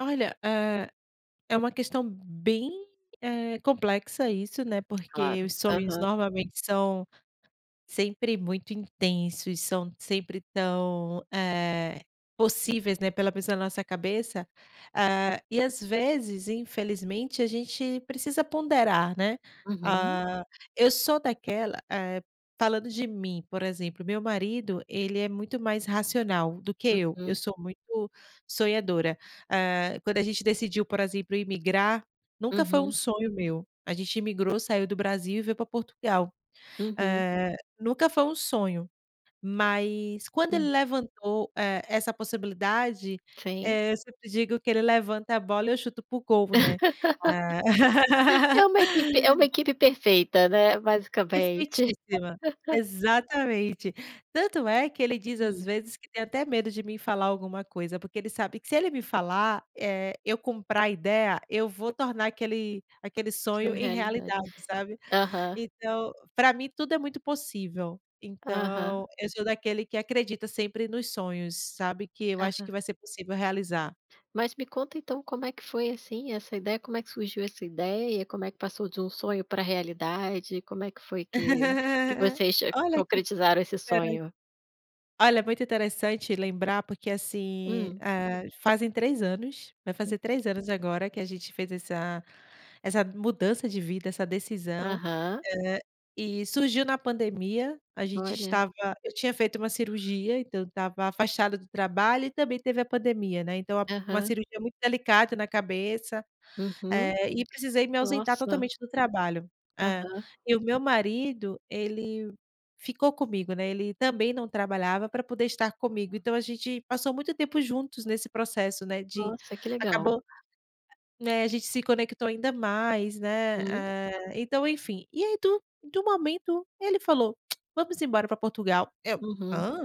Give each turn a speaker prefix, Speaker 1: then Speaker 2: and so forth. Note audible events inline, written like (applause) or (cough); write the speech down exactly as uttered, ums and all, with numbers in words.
Speaker 1: Olha, hã, é uma questão bem, eh, complexa isso, né, porque
Speaker 2: Claro,
Speaker 1: os sonhos,
Speaker 2: aham.
Speaker 1: normalmente, são sempre muito intensos, são sempre tão, eh, possíveis, né, pela pessoa, na nossa cabeça, hã, e às vezes, infelizmente, a gente precisa ponderar, né.
Speaker 2: Uhum.
Speaker 1: Hã, eu sou daquela, eh, falando de mim, por exemplo, meu marido, ele é muito mais racional do que eu, eu
Speaker 2: Uhum.
Speaker 1: sou muito sonhadora. Hã, quando a gente decidiu, por exemplo, imigrar, nunca foi um
Speaker 2: Uhum.
Speaker 1: sonho meu, a gente imigrou, saiu do Brasil, e veio para Portugal.
Speaker 2: Uhum.
Speaker 1: Hã, nunca foi um sonho, mas quando ele
Speaker 2: Hum.
Speaker 1: levantou, eh, essa possibilidade,
Speaker 2: Sim.
Speaker 1: eh, eu sempre digo que ele levanta a bola e eu chuto para o gol, né. Ah
Speaker 2: (laughs) É
Speaker 1: (laughs)
Speaker 2: uma equipe é uma equipe perfeita, né, basicamente.
Speaker 1: Perfeitíssima,
Speaker 2: (laughs)
Speaker 1: exatamente. Tanto é que ele diz, às
Speaker 2: Hum.
Speaker 1: vezes, que tem até medo de mim falar alguma coisa, porque ele sabe que se ele me falar, eh, eu comprar a ideia, eu vou tornar aquele aquele sonho
Speaker 2: Sonho em
Speaker 1: em
Speaker 2: realidade.
Speaker 1: realidade, sabe.
Speaker 2: Aham.
Speaker 1: Então, para mim tudo é muito possível.
Speaker 2: Aham.
Speaker 1: Então, eu sou daquele que acredita sempre nos sonhos, sabe, que eu acho que
Speaker 2: Aham.
Speaker 1: vai ser possível realizar.
Speaker 2: Mas me conta então, como é que foi, assim, essa ideia, como é que surgiu essa ideia, como é que passou de um sonho para realidade, como é que foi que que
Speaker 1: (laughs)
Speaker 2: vocês
Speaker 1: Olha que
Speaker 2: concretizaram esse
Speaker 1: interes
Speaker 2: sonho?
Speaker 1: Olha, muito interessante lembrar, porque assim,
Speaker 2: Hum.
Speaker 1: hã, fazem três anos, vai fazer três anos agora, que a gente fez essa essa mudança de vida, essa decisão,
Speaker 2: Aham.
Speaker 1: hã, e surgiu na pandemia, a gente
Speaker 2: Olha.
Speaker 1: estava eu tinha feito uma cirurgia, então eu estava afastada do trabalho, e também teve a pandemia, né, então a uma
Speaker 2: Aham.
Speaker 1: cirurgia muito delicada na cabeça,
Speaker 2: Uhum.
Speaker 1: eh, e precisei me ausentar
Speaker 2: Nossa.
Speaker 1: totalmente do trabalho. É.
Speaker 2: Aham.
Speaker 1: E o meu marido, ele ficou comigo, né, ele também não trabalhava, para poder estar comigo, então a gente passou muito tempo juntos nesse processo, né, de
Speaker 2: Nossa, que legal.
Speaker 1: acabou né, a gente se conectou ainda mais, né,
Speaker 2: Uhum.
Speaker 1: hã, então enfim, e aí do do momento, ele falou: (clicks tongue) "Vamos embora para Portugal", eu:
Speaker 2: Uhum.
Speaker 1: "Hã?".